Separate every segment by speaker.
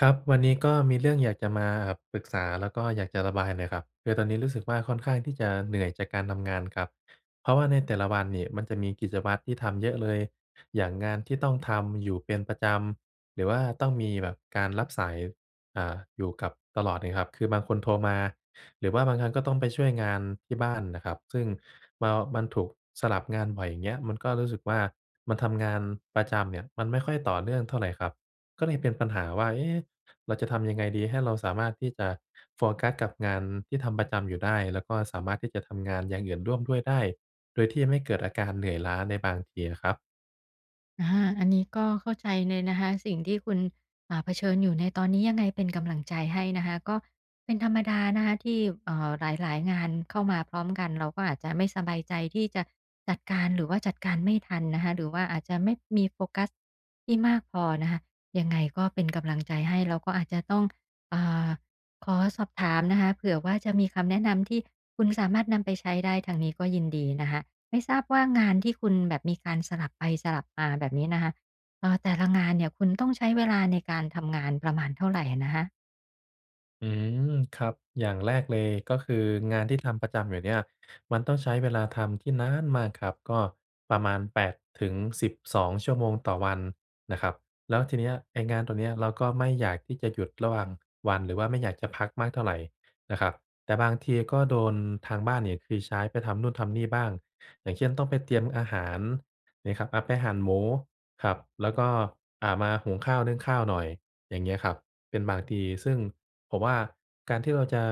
Speaker 1: ครับ วันนี้ก็มีเรื่องอยากจะมา เอ่อ ปรึกษา แล้วก็อยากจะระบายหน่อยครับ คือตอนนี้รู้สึกว่าค่อนข้างที่จะเหนื่อยจากการทำงานครับ เพราะว่าในแต่ละวันนี่มันจะมีกิจวัตรที่ทำเยอะเลย อย่างงานที่ต้องทำอยู่เป็นประจำ หรือว่าต้องมีแบบการรับสาย อ่า อยู่กับ ตลอดเลยครับ คือบางคนโทรมา หรือว่าบางครั้งก็ต้องไปช่วยงานที่บ้านน่ะครับ ซึ่งเมา มันถูกสลับงานบ่อย อย่างเงี้ย มันก็รู้สึกว่า มันทำงานประจำเนี่ย มันไม่ค่อยต่อเนื่องเท่าไรครับ ก็เลยเป็นปัญหาว่า เอ๊ะ เราจะทำยังไงดีให้เราสามารถที่จะโฟกัสกับงานที่ทำประจำอยู่ได้ แล้วก็สามารถที่จะทำงานอย่างอื่นร่วมด้วยได้ โดยที่ไม่เกิดอาการเหนื่อยล้าในบางทีอะครับ?
Speaker 2: อา อันนี้ก็เข้าใจเลยนะคะ สิ่งที่คุณ อ่า เผชิญอยู่ในตอนนี้ ยังไงเป็นกำลังใจให้นะคะ ก็เป็นธรรมดานะคะที่ เอ่อ หลาย ๆ งานเข้ามาพร้อมกัน เราก็อาจจะไม่สบายใจที่จะจัดการ หรือว่าจัดการไม่ทันนะคะ หรือว่าอาจจะไม่มีโฟกัสที่มากพอนะคะ ยังไงก็เป็นกำลังใจให้ แล้วก็อาจจะต้อง อ่า ขอสอบถามนะคะ เผื่อว่าจะมีคำแนะนำที่คุณสามารถนำไปใช้ได้ ทางนี้ก็ยินดีนะคะ ไม่ทราบว่างานที่คุณแบบมีการสลับไปสลับมาแบบนี้นะคะ เออ แต่ละงานเนี่ยคุณต้องใช้เวลาในการทำงานประมาณเท่าไรอะนะคะ?
Speaker 1: อืม ครับ อย่างแรกเลย ก็คืองานที่ทำประจำอยู่เนี่ยมันต้องใช้เวลาทำที่น๊านมากครับ ก็ประมาณ 8-12 ชั่วโมงต่อวันนะครับ แล้วทีนี้ไอ้งานตรงเนี้ยเราก็ไม่อยากที่จะหยุดระหว่างวัน หรือว่าไม่อยากจะพักมากเท่าไรนะครับ แต่บางทีก็โดนทางบ้านเนี่ย คือใช้ไปทำนู่นทำนี่บ้าง อย่างเช่น ต้องไปเตรียมอาหารนี่ครับ อะ ไปหั่นหมูครับ แล้วก็ อ่า มาหุงข้าว นึ่งข้าวหน่อย อย่างเงี้ยครับ เป็นบางทีซึ่งผมว่า การที่เราจะ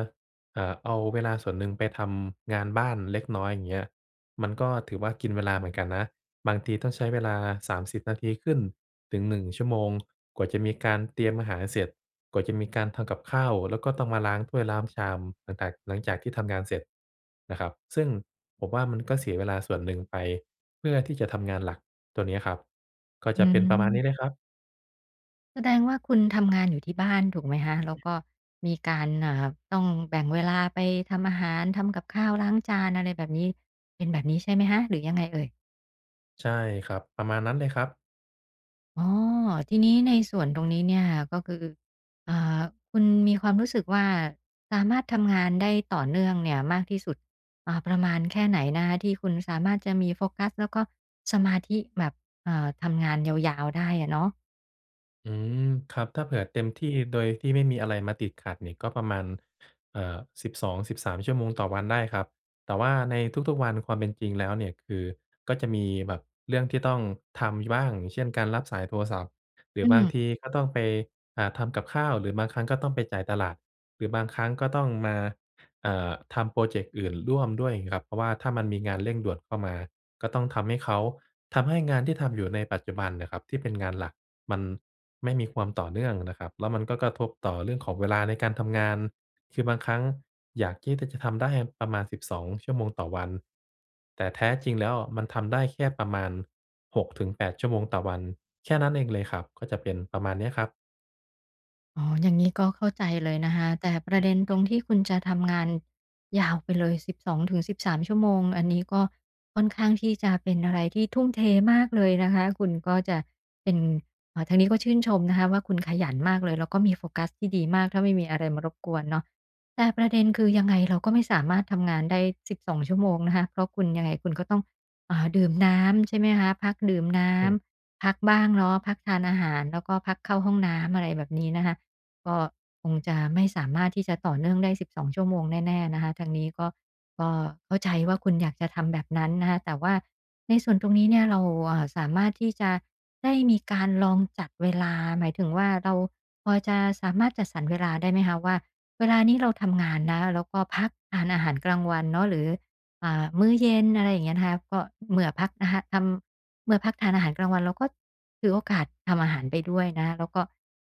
Speaker 1: เอ่อ เอาเวลาส่วนหนึ่งไปทำงานบ้านเล็กน้อยอย่างเงี้ย มันก็ถือว่า กินเวลาเหมือนกันนะบางทีต้องใช้เวลา 30 นาทีขึ้นถึง 1 ชั่วโมง กว่าจะมีการเตรียมอาหารเสร็จ กว่าจะมีการทำกับข้าว แล้วก็ต้องมาล้างถ้วยล้าง ชาม หลังตาก หลังจากที่ทำงานเสร็จนะครับ ซึ่งผมว่ามันก็เสียเวลาส่วนหนึ่งไปเพื่อที่จะทำงานหลักตัวเนี้ยครับ ก็
Speaker 2: อ
Speaker 1: จ
Speaker 2: ื
Speaker 1: ะเป็นประมาณนี
Speaker 2: ม
Speaker 1: ้เลยครับ
Speaker 2: แสดงว่าคุณทำงานอยู่ที่บ้านถูกไหมคะ? แล้วก็มีการ อ่า ต้องแบ่งเวลาไปทำอาหารทำกับข้าวล้างจาน อะไรแบบนี้ เป็นแบบนี้ใช่ไหมคะ หรือยังไงเอ่ย?
Speaker 1: ใช่ครับ ประมาณนั้นเลยครับ
Speaker 2: อ๋อ ทีนี้ในส่วนตรงนี้เนี่ย ก็คือ อ่า คุณมีความรู้สึกว่า สามารถทำงานได้ต่อเนื่องเนี่ยมากที่สุด อ่า ประมาณแค่ไหนนะคะ? ที่คุณสามารถจะมีโฟกัส แล้วก็สมาธิแบบ เอ่อ ทำงานยาว ๆ ได้อะเนาะ
Speaker 1: อืม ครับ ถ้าเผื่อเต็มที่โดยที่ไม่มีอะไรมาติดขัดเนี่ยก็ประมาณ เอ่อ 12 13 ชั่วโมงต่อวันได้ครับ แต่ว่าในทุก ๆ วัน ความเป็นจริงแล้วเนี่ยคือ ก็จะมีแบบเรื่องที่ต้องทำ ย บ้าง อย่างเช่น การรับสายโทรศัพท์ หร
Speaker 2: อ
Speaker 1: ื
Speaker 2: ื
Speaker 1: อบาง
Speaker 2: ม
Speaker 1: ทีก็ต้องไป อ่า ทำกับข้าว หรือบางครั้งก็ต้องไปจ่ายตลาด หรือบางครั้งก็ต้องมา เอ่อ ทำพรอเจกต์อื่นร่วมด้วยงี้ครับ เพราะว่าถ้ามันมีงานเร่งด่วนเข้ามาก็ต้องทำให้เขา ทำให้งานที่ทำอยู่ในปัจจุบันน่ะครับที่เป็นงานหลัก มันไม่มีความต่อเนื่องนะครับ แล้วมันก็กระทบต่อเรื่องของเวลาในการทำงาน คือบางครั้งอยากที่ ที่จะทำได้ประมาณ 12 ชั่วโมงต่อวัน แต่แท้จริงแล้วอะมันทำได้แค่ประมาณ 6-8 ชั่วโมงต่อวัน แค่นั้นเองเลยครับ ก็จะเป็นประมาณเนี้ยครับ
Speaker 2: อ๋อ อย่างงี้ก็เข้าใจเลยนะคะ แต่ประเด็นตรงที่คุณจะทำงานยาวไปเลย 12-13 ชั่วโมง อันนี้ก็ค่อนข้างที่จะเป็นอะไรที่ทุ่มเทมากเลยนะคะ คุณก็จะเป็น เอ่อ ทางนี้ก็ชื่นชมนะคะว่า คุณขยันมากเลย แล้วก็มีโฟกัสที่ดีมาก ถ้าไม่มีอะไรมารบกวนเนาะ แต่ประเด็นคือ ยังไงเราก็ไม่สามารถทำงานได้ 12 ชั่วโมงนะคะ เพราะคุณยังไงคุณก็ต้อง อ่า ดื่มน้ำใช่ไหมคะ พักดื่มน้
Speaker 1: อ
Speaker 2: ำ
Speaker 1: ืม
Speaker 2: พักบ้างเนาะ พักทานอาหาร แล้วก็พักเข้าห้องน้ำ อะไรแบบนี้นะคะ ก็คงจะไม่สามารถที่จะต่อเนื่องได้ 12 ชั่วโมงแน่ ๆ นะคะ ทางนี้ก็ ก็เข้าใจว่า คุณอยากจะทำแบบนั้นนะคะ แต่ว่าในส่วนตรงนี้เนี่ย เรา อ่า สามารถที่จะได้มีการลองจัดเวลา หมายถึงว่า เราพอจะสามารถจัดสรรเวลาได้ไหมคะว่า เวลานี้เราทำงานนะ แล้วก็พักทานอาหารกลางวันเนาะ หรือ อ่า มื้อเย็น อะไรอย่างเงี้ยนะคะ ก็เมื่อพักนะคะ ทำ เมื่อพักทานอาหารกลางวัน เราก็ถือโอกาสทำอาหารไปด้วยนะคะ แล้วก็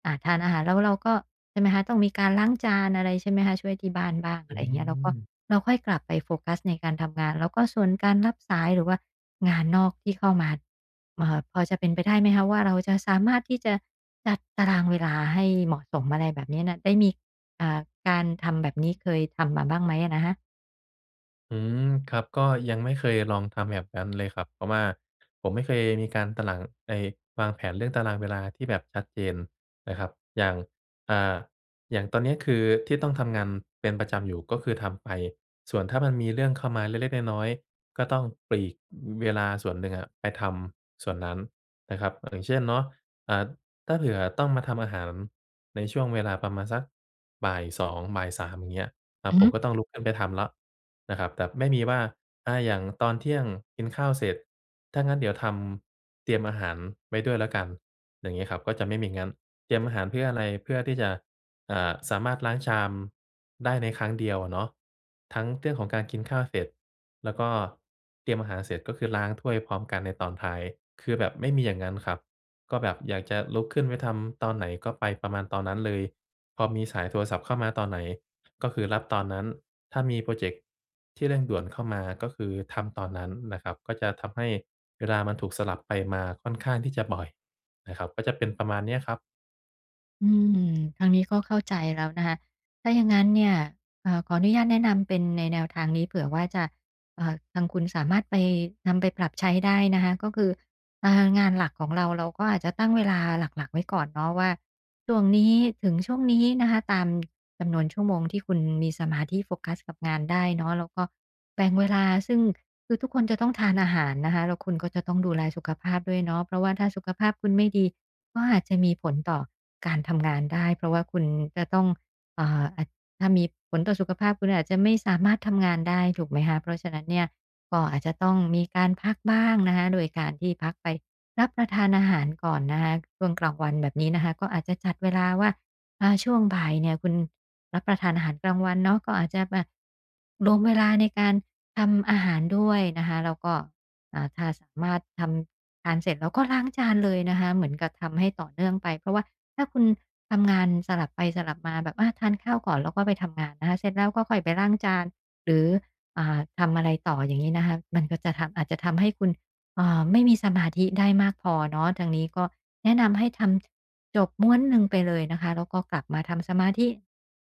Speaker 2: อ่า ทานอาหาร แล้วเราก็ ใช่ไหมคะ ต้องมีการล้างจานอะไรใช่ไหมคะ ช่วยที่บ้านบ้าง อ
Speaker 1: อ
Speaker 2: ะไ
Speaker 1: ื
Speaker 2: รอย่างเงี้ย แล้วก็
Speaker 1: ม
Speaker 2: เราค่อยกลับไปโฟกัสในการทำงาน แล้วก็ส่วนการรับสายหรือว่างานนอกที่เข้ามา เอ่อ พอจะเป็นไปได้ไหมคะว่า เราจะสามารถที่จะจัดตารางเวลาให้เหมาะสม? อะไรแบบนี้นะ ได้มี อ่า การทำแบบนี้ เคยทำมาบ้างไหมอะนะคะ?
Speaker 1: อือ ครับ ก็ยังไม่เคยลองทำแบบนั้นเลยครับ เพราะว่าผมไม่เคยมีการตะหลัง ไอ้วางแผนเรื่องตารางเวลาที่แบบชัดเจนนะครับ อย่าง อ่า อย่างตอนเนี้ย คือที่ต้องทำงานเป็นประจำอยู่ ก็คือทำไป ส่วนถ้ามันมีเรื่องเข้ามาเล็ก ๆ น้อย ๆ ก็ต้องปลีกเวลาส่วนหนึ่งอะไปทำส่วนนั้นนะครับ อย่างเช่นเนาะ อ่า ถ้าเผื่อต้องมาทำอาหารในช่วงเวลาประมาณสักบ่าย 2 บ่าย 3 อย่างเงี้ย อะ
Speaker 2: อือ
Speaker 1: ผ
Speaker 2: ฮึ
Speaker 1: มก็ต้องลุกขึ้นไปทำแล้วนะครับ แต่ไม่มีว่า อ่า อย่างตอนเที่ยงกินข้าวเสร็จ ถ้างั้นเดี๋ยวทำเตรียมอาหารไว้ด้วยแล้วกัน อย่างงี้ครับ ก็จะไม่มีงั้น เตรียมอาหารเพื่ออะไร? เพื่อที่จะ อ่า สามารถล้างชามได้ในครั้งเดียวอะเนาะ ทั้งเรื่องของการกินข้าวเสร็จ แล้วก็เตรียมอาหารเสร็จ ก็คือล้างถ้วยพร้อมกันในตอนท้าย คือแบบไม่มีอย่างงั้นครับ ก็แบบอยากจะลุกขึ้นไปทำตอนไหนก็ไปประมาณตอนนั้นเลย พอมีสายโทรศัพท์เข้ามาตอนไหน ก็คือรับตอนนั้น ถ้ามีพรอเจกต์ที่เร่งด่วนเข้ามา ก็คือทำตอนนั้นนะครับ ก็จะทำให้เวลามันถูกสลับไปมาค่อนข้างที่จะบ่อยนะครับ ก็จะเป็นประมาณเนี้ยครับ
Speaker 2: อืม ทางนี้ก็เข้าใจแล้วนะคะ ถ้าอย่างงั้นเนี่ย เอ่อ ขออนุญาตแนะนำเป็นในแนวทางนี้เผื่อว่าจะ เอ่อ ทางคุณสามารถไป นำไปปรับใช้ได้นะคะ ก็คือ อ่า งานหลักของเรา เราก็อาจจะตั้งเวลาหลัก ๆ ไว้ก่อนเนาะว่า ช่วงนี้ถึงช่วงนี้นะคะ ตาม จำนวนชั่วโมงที่คุณมีสมาธิโฟกัสกับงานได้เนาะ แล้วก็แบ่งเวลา ซึ่ง คือทุกคนจะต้องทานอาหารนะคะ แล้วคุณก็จะต้องดูแลสุขภาพด้วยเนาะ เพราะว่าถ้าสุขภาพคุณไม่ดี ก็อาจจะมีผลต่อการทำงานได้ เพราะว่าคุณจะต้อง เอ่อ อะ ถ้ามีผลต่อสุขภาพคุณอาจจะไม่สามารถทำงานได้ถูกไหมคะ? เพราะฉะนั้นเนี่ยก็อาจจะต้องมีการพักบ้างนะคะ โดยการที่พักไปรับประทานอาหารก่อนนะคะ ช่วงกลางวันแบบนี้นะคะ ก็อาจจะจัดเวลาว่า อ่า ช่วงบ่ายเนี่ยคุณรับประทานอาหารกลางวันเนาะ ก็อาจจะแบบรวมเวลาในการทำอาหารด้วยนะคะ แล้วก็ อ่า ถ้าสามารถทำทานเสร็จแล้วก็ล้างจานเลยนะคะ เหมือนกับทำให้ต่อเนื่องไป เพราะว่าถ้าคุณทำงานสลับไปสลับมาแบบว่าทานข้าวก่อน แล้วก็ไปทำงานนะคะ เสร็จแล้วก็ค่อยไปล้างจาน หรือ อ่า ทำอะไรต่ออย่าง นี้นะคะ มันก็จะทำ อาจจะทำให้คุณ เอ่อ ไม่มีสมาธิได้มากพอเนาะ ทางนี้ก็แนะนำให้ทำ จบม้วนหนึ่งไปเลยนะคะ แล้วก็กลับมาทำสมาธิ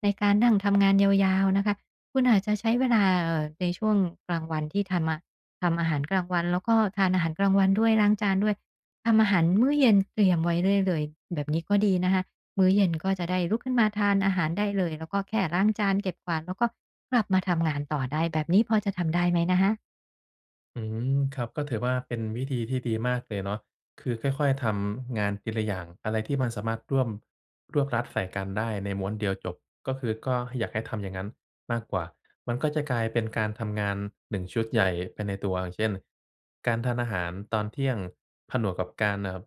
Speaker 2: ในการนั่งทำงานยาว ๆ นะคะ คุณอาจจะใช้เวลา เอ่อ ในช่วงกลางวันที่ทำ อ ทำอาหารกลางวัน แล้วก็ทานอาหารกลางวันด้วยล้างจานด้วย ทำอาหาร มื้อเย็นเตรียมไว้ได้เลยแบบนี้ก็ดีนะคะ มื้อเย็น ก็จะได้ลุกขึ้นมาทานอาหารได้เลย แล้วก็แค่ล้างจานเก็บกวาด แล้วก็กลับมาทำงานต่อได้ แบบนี้พอจะทำได้ไหมนะคะ?
Speaker 1: อืม ครับ ก็ถือว่าเป็นวิธีที่ดีมากเลยเนาะ คือค่อย ๆ ทำงานทีละอย่าง อะไรที่มันสามารถร่วม รวบรัดใส่กันได้ในม้วนเดียวจบ ก็คือ ก็อยากให้ทำอย่างงั้นมากกว่า มันก็จะกลายเป็นการทำงาน 1 ชุดใหญ่ไปในตัว อย่างเช่น การทานอาหารตอนเที่ยงผนวกกับการ เอ่อ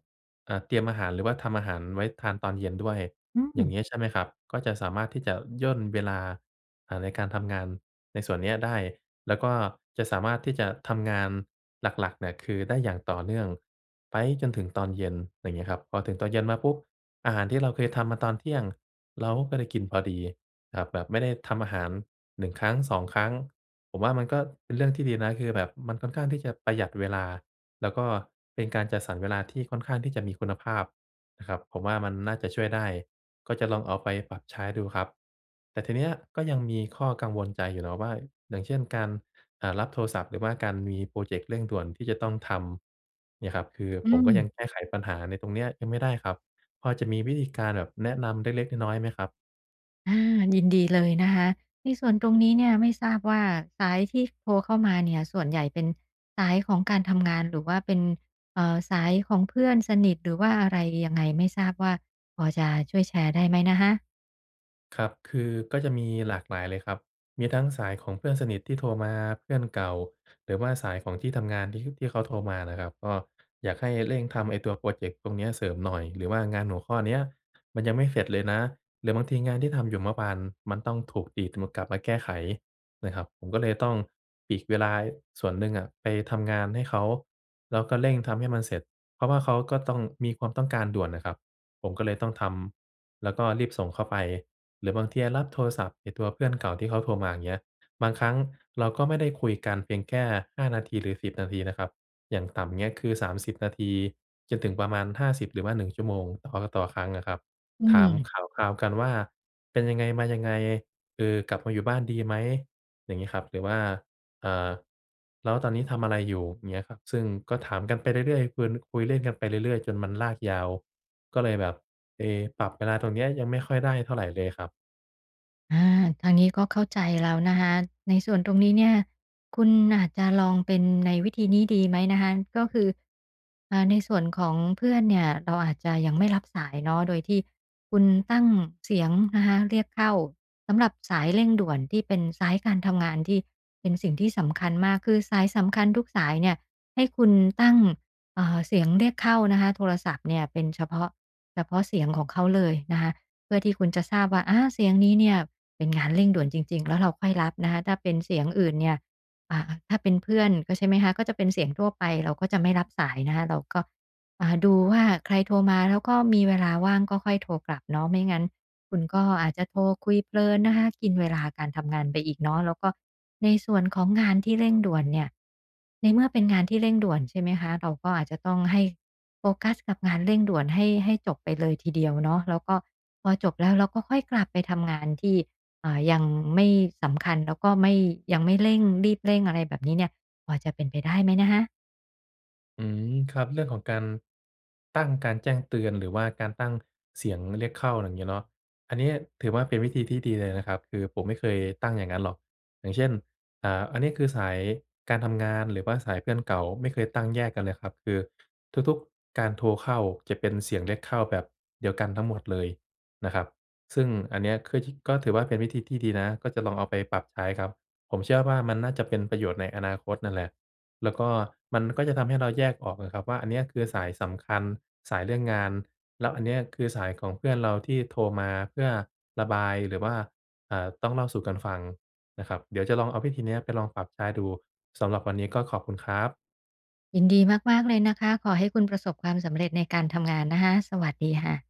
Speaker 1: เอ่อ เตรียมอาหาร หรือว่าทำอาหารไว้ทานตอนเย็นด้วย
Speaker 2: อื
Speaker 1: อย่า
Speaker 2: ม
Speaker 1: งเงี้ยใช่ไหมครับ ก็จะสามารถที่จะย่นเวลา เอ่อ ในการทำงานในส่วนเนี้ยได้ แล้วก็จะสามารถที่จะทำงานหลัก ๆ เนี่ย คือได้อย่างต่อเนื่องไปจนถึงตอนเย็น อย่างเงี้ยครับ พอถึงตอนเย็นมาปุ๊บ อาหารที่เราเคยทำมาตอนเที่ยงเราก็ได้กินพอดี แบบ แบบไม่ได้ทำอาหาร 1 ครั้ง 2 ครั้ง ผมว่ามันก็เป็นเรื่องที่ดีนะ คือแบบมันค่อนข้างที่จะประหยัดเวลา แล้วก็เป็นการจัดสรรเวลาที่ค่อนข้างที่จะมีคุณภาพนะครับ ผมว่ามันน่าจะช่วยได้ ก็จะลองเอาไปปรับใช้ดูครับ แต่ทีเนี้ยก็ยังมีข้อกังวลใจอยู่เนาะว่า อย่างเช่น การ อ่า รับโทรศัพท์ หรือว่าการมีพรอเจกต์เร่งด่วนที่จะต้องทำเนี่ยครับ คือ
Speaker 2: อื
Speaker 1: ผมก็ยัง
Speaker 2: ม
Speaker 1: แก้ไขปัญหาในตรงเนี้ยยังไม่ได้ครับ พอจะมีวิธีการแบบแนะนำเล็ก ๆ น้อย ๆ ไหมครับ?
Speaker 2: อา ยินดีเลยนะคะ ในส่วนตรงนี้เนี่ย ไม่ทราบว่า สายที่โทรเข้ามาเนี่ย ส่วนใหญ่เป็นสายของการทำงาน หรือว่าเป็น เอ่อ สายของเพื่อนสนิท หรือว่าอะไร ยังไง ไม่ทราบว่าพอจะช่วยแชร์ได้ไหมนะคะ?
Speaker 1: ครับ คือก็จะมีหลากหลายเลยครับ มีทั้งสายของเพื่อนสนิทที่โทรมา เพื่อนเก่า หรือว่าสายของที่ทำงานที่ฮึบ ที่เขาโทรมาน่ะครับ ก็อยากให้เร่งทำไอ้ตัวพรอเจกต์ตรงเนี้ยเสริมหน่อย หรือว่างานหัวข้อเนี้ยมันยังไม่เสร็จเลยนะ หรือบางทีงานที่ทำอยู่เมื่อวาน มันต้องถูกดีดมา กลับมาแก้ไขนะครับ ผมก็เลยต้องปลีกเวลา ย ส่วนหนึ่งอะไปทำงานให้เขา แล้วก็เร่งทำให้มันเสร็จ เพราะว่าเขาก็ต้อง มีความต้องการด่วนน่ะครับ ผมก็เลยต้องทำแล้วก็รีบส่งเข้าไป หรือบางทีอะรับโทรศัพท์ไอ้ตัวเพื่อนเก่าที่เขาโทรมาเงี้ย บางครั้งเราก็ไม่ได้คุยกันเพียงแค่ 5 นาที หรือ 10 นาทีนะครับ อย่างต่ำเงี้ย คือ 30 นาที จนถึงประมาณ 50 หรือว่า 1 ชั่วโมง อ ออ ต่อครั้งอะครับ
Speaker 2: อื
Speaker 1: ถาม
Speaker 2: ม
Speaker 1: ข่าวคราวกันว่า "เป็นยังไงมายังไง เออ กลับมาอยู่บ้านดีไหม?" อย่างงี้ครับ หรือว่า อ่า "แล้วตอนนี้ทำอะไรอยู่?" เงี้ยครับ ซึ่งก็ถามกันไปเรื่อย ๆ คึน คุยเล่นกันไปเรื่อย ๆ จนมันลากยาว ก็เลยแบบ เอ ปรับเวลาตรงเนี้ยยังไม่ค่อยได้เท่าไรเลยครับ
Speaker 2: อ่า ทางนี้ก็เข้าใจแล้วนะคะ ในส่วนตรงนี้เนี่ย คุณอาจจะลองเป็นในวิธีนี้ดีไหมนะคะ ก็คือ อ่า ในส่วนของเพื่อนเนี่ยเราอาจจะยังไม่รับสายเนาะ โดยที่คุณตั้งเสียงนะคะ เรียกเข้าสำหรับสายเร่งด่วนที่เป็นสายการทำงานที่เป็นสิ่งที่สำคัญมาก คือสายสำคัญทุกสายเนี่ยให้คุณตั้ง เอ่อ เสียงเรียกเข้านะคะ โทรศัพท์เนี่ยเป็นเฉพาะ เฉพาะเสียงของเขาเลยนะคะ เพื่อที่คุณจะทราบว่า อา เสียงนี้เนี่ยเป็นงานเร่งด่วนจริง ๆ แล้วเราค่อยรับนะคะ ถ้าเป็นเสียงอื่นเนี่ย อ่า ถ้าเป็นเพื่อนก็ใช่ไหมคะ ก็จะเป็นเสียงทั่วไปเราก็จะไม่รับสายนะคะ เราก็ อ่า ดูว่าใครโทรมา แล้วก็มีเวลาว่างก็ค่อยโทรกลับเนาะ ไม่งั้นคุณก็อาจจะโทรคุยเพลินนะคะ กินเวลาการทำงานไปอีกเนาะ แล้วก็ในส่วนของงานที่เร่งด่วนเนี่ย ในเมื่อเป็นงานที่เร่งด่วนใช่ไหมคะ เราก็อาจจะต้องให้โฟกัสกับงานเร่งด่วนให้ ให้จบไปเลยทีเดียวเนาะ แล้วก็พอจบแล้วเราก็ค่อยกลับไปทำงานที่ อ่า ยังไม่สำคัญ แล้วก็ไม่ ยังไม่เร่งรีบเร่งอะไรแบบนี้เนี่ย พอจะเป็นไปได้ไหมนะคะ?
Speaker 1: อืม ครับ เรื่องของการ ตั้งการแจ้งเตือน หรือว่าการตั้งเสียงเรียกเข้าอย่างงี้เนาะ อันนี้ถือว่าเป็นวิธีที่ดีเลยนะครับ คือผมไม่เคยตั้งอย่างนั้นหรอก อย่างเช่น อ่า อันนี้คือสายการทำงาน หรือว่าสายเพื่อนเก่า ไม่เคยตั้งแยกกันเลยครับ คือ ทุก ๆ การโทรเข้าจะเป็นเสียงเรียกเข้าแบบเดียวกันทั้งหมดเลยนะครับ ซึ่งอันเนี่ยคือที่ ก็ถือว่าเป็นวิธีที่ดีนะ ก็จะลองเอาไปปรับใช้ครับ ผมเชื่อว่ามันน่าจะเป็นประโยชน์ในอนาคตนั้นแหละ แล้วก็มันก็จะทำให้เราแยกออกนะครับว่า อันเนี้ยคือสายสำคัญสายเรื่องงาน แล้วอันนี้คือสายของเพื่อนเราที่โทรมา เพื่อระบายหรือว่า เอ่อ ต้องเล่าสู่กันฟังนะครับ เดี๋ยวจะลองเอาวิธีเนี้ย ไปลองปรับใช้ดู สำหรับวันนี้ก็ขอบคุณครับ
Speaker 2: ยินดีมาก ๆ เลยนะคะ ขอให้คุณประสบความสำเร็จในการทำงานนะคะ สวัสดีค่ะ